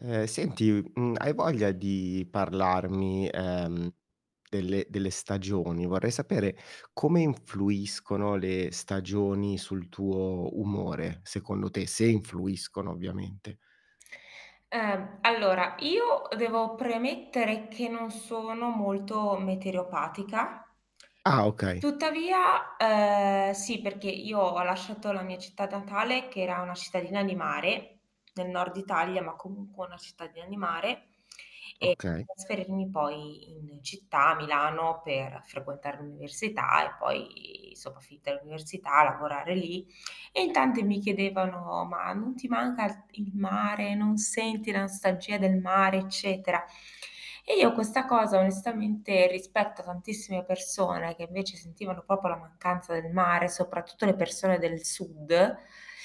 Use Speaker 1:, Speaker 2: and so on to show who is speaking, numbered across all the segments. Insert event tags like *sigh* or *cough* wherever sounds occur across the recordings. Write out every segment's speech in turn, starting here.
Speaker 1: Ehm, senti, mhmm, hai voglia di parlarmi, ehm, delle delle stagioni? Vorrei sapere come influiscono le stagioni sul tuo umore, secondo te, se influiscono ovviamente.
Speaker 2: Ehm, allora, io devo premettere che non sono molto meteoropatica.
Speaker 1: Ah, okay.
Speaker 2: Tuttavia, ehm, sì, perché io ho lasciato la mia città natale che era una cittadina di mare, nel nord Italia, ma comunque una cittadina di mare, e
Speaker 1: Okay.
Speaker 2: trasferirmi poi in città, a Milano per frequentare l'università e poi, insomma, finita l'università, a lavorare lì. *clicks tongue* E in tante mi chiedevano: "Ma non ti manca i il mare? Non senti la nostalgia del mare, eccetera", e io questa cosa onestamente, rispetto a tantissime persone che invece sentivano proprio la mancanza del mare, soprattutto le persone del sud,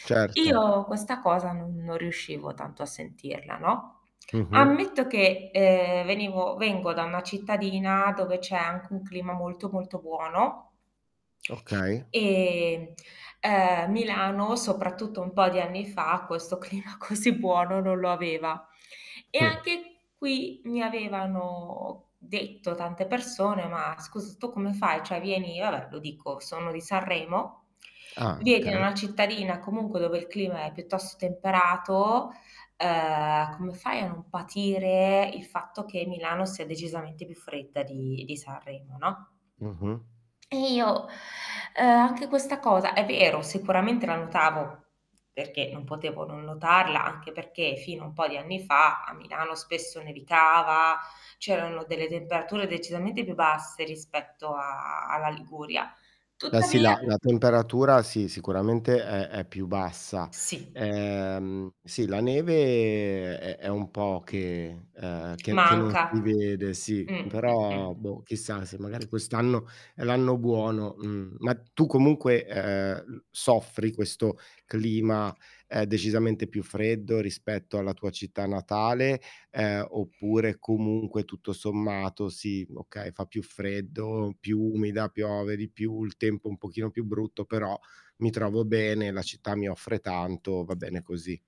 Speaker 1: Certo.
Speaker 2: io questa cosa non *inhales* non riuscivo tanto a sentirla, no.
Speaker 1: Mh-mh.
Speaker 2: Ammetto che, ehm, venivo vengo da una cittadina dove c'è anche un clima molto, molto buono.
Speaker 1: Okay.
Speaker 2: E, ehm, Milano, soprattutto un po' di anni fam questo clima così buono non lo aveva. E
Speaker 1: Mh.
Speaker 2: anche qui mi avevano detto tante persone: "Ma scusa tu come fai? Cioè vieni" io va beh, lo dico, sono di Sanremo,
Speaker 1: Ah,
Speaker 2: "vieni da
Speaker 1: okay.
Speaker 2: una cittadina, comunque, dove il clima è piuttosto temperato, ehm, come fai a non patire il fatto che Milano sia decisamente più fredda di di Sanremo, no?"
Speaker 1: Mh-mh.
Speaker 2: E io, ehm, anche questa cosa, è vero, sicuramente la notavo, perché non potevo non notarla. Anche perché fino a un po' di anni fa, a Milano spesso nevicava, c'erano delle temperature decisamente più basse rispetto a alla Liguria.
Speaker 1: Beh, sì,
Speaker 2: Tuttavia
Speaker 1: la la temperatura, sì, sicuramente è è più bassa.
Speaker 2: Sì.
Speaker 1: Ehm, sì, la neve è è un po' che ehm, che che non
Speaker 2: Manca.
Speaker 1: si vede, sì.
Speaker 2: Mh, mh-mh.
Speaker 1: Però, boh, chissà se magari quest'anno è l'anno buono, mh. Ma tu comunque, eh, l soffri questo clima, eh, decisamente più freddo rispetto alla tua città natale, ehm, oppure comunque tutto sommato sì, okay, fa più freddo, più umida, piove di più, il tempo un pochino più brutto, però mi trovo bene, la città mi offre tanto, va bene così.